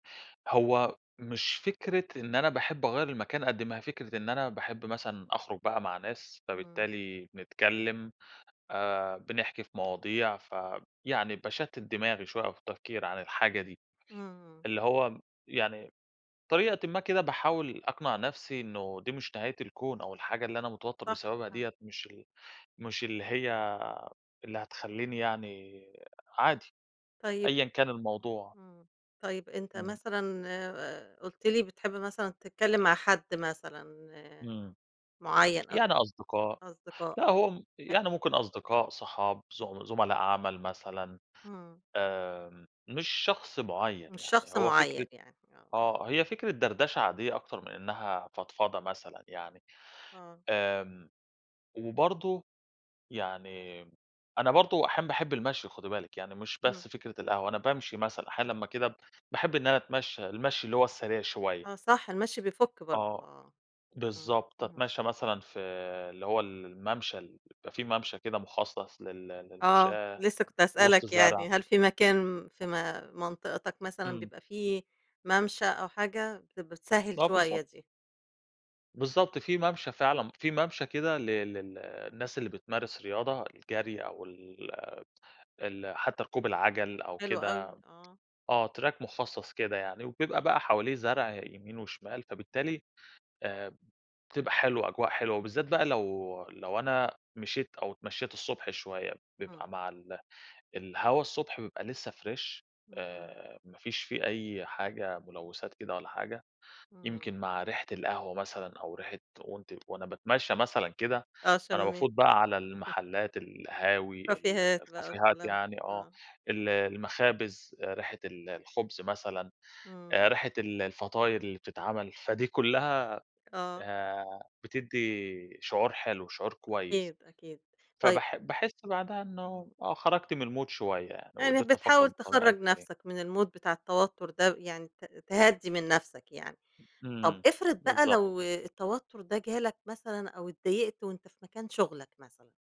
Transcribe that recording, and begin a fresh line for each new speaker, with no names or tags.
هو مش فكرة إن أنا باحب أغيَّر المكان، قد ما هي فكرة إن أنا باحب مثلًا أخرج بقى مع ناس،
إمم.
فبالتالي بنتكلم، آآ، بنحكي في مواضيع، ف يعني باشتت دماغي شوية، أو في التفكير عن الحاجة دي،
إمم، إمم.
اللي هو يعني، بطريقةً ما كده، باحاول أقنع نفْسِي إنه دي مش نهاية الكون، أو الحاجة اللي أنا متوتر
صح،
بسببها
فعلًا.
ديّة، مش ال مش اللي هي اللي هتخلّيني يعني عادي
طيّب
أيًا كان الموضوع.
إمم، طيّب أنت
إمم.
مثلًا، آآ، قُلت لي بتحب مثلًا تتكلم مع حد مثلًا
إمم،
معيَّن، أو
يعني
كده
أصدقاء
أصدقاء،
لأ هو م
أ
يعني ممكن أصدقاء، صحاب، زم زملاء عمل مثلًا،
إمم.
آمم، مش شخص معيَّن
مش
يعني،
شخص
هو فكرة
معيَّن يعني، آه.
آه، هي فكرة دردشة عادية أكتر من إنها فضفضة مثلًا يعني،
آه.
آمم، وبرضه يعني أنا برضه أحيانًا باحب المشي خدي بالِك، يعني مش
إمم.
بس فكرة القهوة، أنا بامشي مثلًا، أحيانًا لمّا كده، باحب إن أنا أتمشي، المشي اللي هو السريع شوية.
آه صح، المشي بيفُك برضه،
آه،
آه، إمم،
بالضبط.
امم.
أتمشى مثلًا في اللي هو ال المَمَشى ال بيبقي في مَمَشى كده مخصص لل
آه،
للمشاة،
لسّه كنت
وسط
هاسألك
زرع.
يعني، هل في مكان في م منطقتك مثلًا،
إمم.
بيبقى في مَمَشى أو حاجة بت بتسهل
آه
شوية
بالضبط.
دي؟
بالضبط. في مَمَشى فعلًا، في مَمَشى كده لل لل الناس اللي بتمارس رياضة الجري أو ال ال حتى ركوب العجل، أو
حلو
كده
أوي، آه.
آه Track مخصص كده يعني، وبيبقى بقى حواليه زرع يمين وشمال، فبالتالي، آآ، بتبقى حلوة، أجواء حلوة، وبالذات بقى لو، لو أنا مشيت، أو اتمشيت الصبح شوية، بيبقى
إمم.
مع ال الهوا الصبح بيبقى لسّه Fresh
اهم.
آآ، ما فيش في أي حاجة ملوّثات كده ولا حاجة،
إمم.
يمكن مع ريحة القهوة مثلًا، أو ريحة وأنتِ وأنا باتمشى مثلًا كده،
آه،
فأنا
شميت
بافوت بقى على المحلات، القهاوي ال
كافيهات بقي،
الكافيهات
والكلام،
يعني آه،
آه.
ال المخابز، ريحة ال الخبز مثلًا،
إمم.
ريحة ال الفطاير اللي بتتعمل، فدي كلها،
آه.
آآ، بتدّي شعور حلو، شعور كويس
أكيد، أكيد طي
فبح باحس بعدها إنه،
[unintelligible]
آه خرجت من الMood شوية يعني
يعني
وقدرت أفكر
بتحاول
بطريقة
تخرّج
إيجابية.
نفْسَك من الMood بتاع التوتر ده، يعني ت تهدِّي من نفْسَك يعني، طَب
إمم
افرض بقى
بالضبط.
لو التوتر ده جالك مثلًا أو اتضايقت وأنت في مكان شُغْلك مثلًا؟